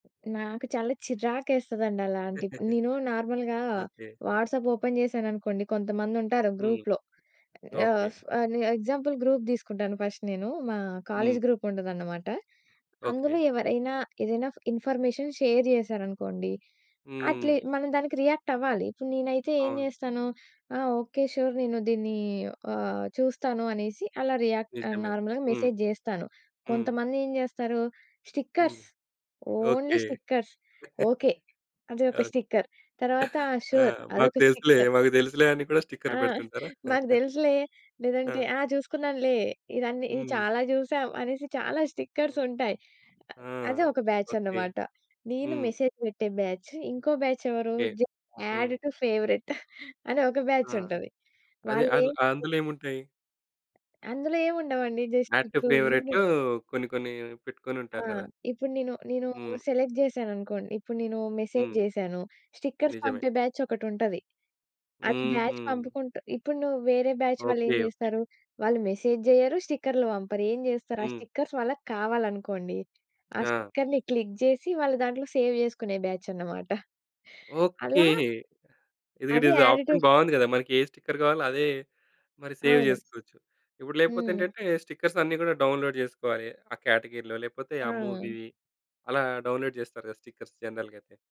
నాకు చాలా చిరాకేస్తదండి అలాంటి. నేను నార్మల్‌గా ఓకే. వాట్సాప్ ఓపెన్ జేశాననుకోండి కొంతమందుంటారు. హ్మ్. గ్రూప్‌లో ఆహ్, ఓకే. ఫ్ ఆహ్, ని ఎగ్జాంపుల్ గ్రూప్ దిసుకుంటాను ఫస్ట్ నేను. మా కాలేజీ హ్మ్. గ్రూప్ ఉంటదన్నమాట. ఓకే. అందులో ఎవరైనా, ఏదన్నా ఇన్ఫర్మేషన్ షేర్ చేసారనుకోండి. అట్లీ హ్మ్. మనం దానికి రియాక్ట్ అవ్వాలి. ఇప్పుడు నేనైతే ఏం అవును. చేస్తాను ఆహ్, ఓకే సూర్ నేను దీన్ని ఆహ్, చూస్తాను అనేసి అలా రియాక్ నిజమే నార్మల్‌గా .హ్మ్. మెసేజ్ జేస్తాను. హ్మ్. కొంతమంది ఏం చేస్తారు హ్మ్. Stickers, only okay. Stickers okay అది ఒక ఓహ్! స్టిక్కర్ తర్వాత ఆ! ఆ! సూర్ మాకు అదొక తెలుసులే, స్టిక్కర్. మాకు తెలుసులే అని కూడా ఆ! స్టిక్కర్ పెడుతుంటారా? మాకు దేలుసులే, లేదంటే ఆ! ఆ! చూసుకున్నానులే ఇదన్ని ఈ హ్మ్. చాలా చూసాం అనేసి చాలా స్టిక్కర్స్ ఓహ్! ఉంటాయి. ఆ! అదే ఒక బ్యాచ్ ఓకే. అన్నమాట. నేను హ్మ్. మెసేజ్ పెట్టే బ్యాచ్ ఇంకో బ్యాచ్ ఎవరు కే జే హ్మ్ అడ్ టు ఫేవరైట్ అనే ఒక ఆ! బ్యాచ్ ఉంటది. అదే వాళ్ళే అల్ ఏంటి అందులేంముంటాయి? అందులో ఏం ఉండవండి. జస్ట్ యాడ్ టు ఇప్పుడు నేను ఫేవరైట్‌లో కొన్ని, కొన్ని పెట్టుకొని ఆ! ఉంటారు గదా! ఇప్పుడు నీను, నీను హ్మ్. సెలెక్ట్ జేశాననుకోండి, ఇప్పుడు నేను మెసేజ్ హ్మ్. జేశాను స్టిక్కర్స్ నిజమే. పంపే బ్యాచ్ ఒకటుంటది. అది బ్యాచ్ హుహు. పంపుకుంటూ ఇప్పుడు నువ్వు వేరే బ్యాచ్ వాళ్ళేం ఓకే. ఓకే. జేస్తారు వాళ్ళు మెసేజ్ జేయ్యరు, స్టిక్కర్‌లు పంపరు ఏం జేస్తారు ఆ హ్మ్. స్టిక్కర్స్ వాళ్ళకి కావాలనుకోండి, ఆ ఆ! స్టిక్కర్ని క్లిక్ జేసి వాళ్ళు దాంట్లో సేవ్ చేసుకునే బ్యాచనమాట. అలా ఓకే. ఇది అది గిడిది యాడ్ టు ఆప్షన్ బావుంది గదా! మనకే స్టిక్కర్ కావాలో అదే మరి సేవ్ అవును. చేసుకోవచ్చు. ఇప్పుడు లేపోతే హ్మ్. ఏంటంటే, స్టిక్కర్స్ అన్నీ గూడా డౌన్‌లోడ్ జేసుకోవాలి. ఆ క్యాటగరీ‌లో, లేపోతే ఆ ఆ! మూవీ అలా డౌన్‌లోడ్ జేస్తారుగా స్టిక్కర్స్ జనరల్‌గా అయితే.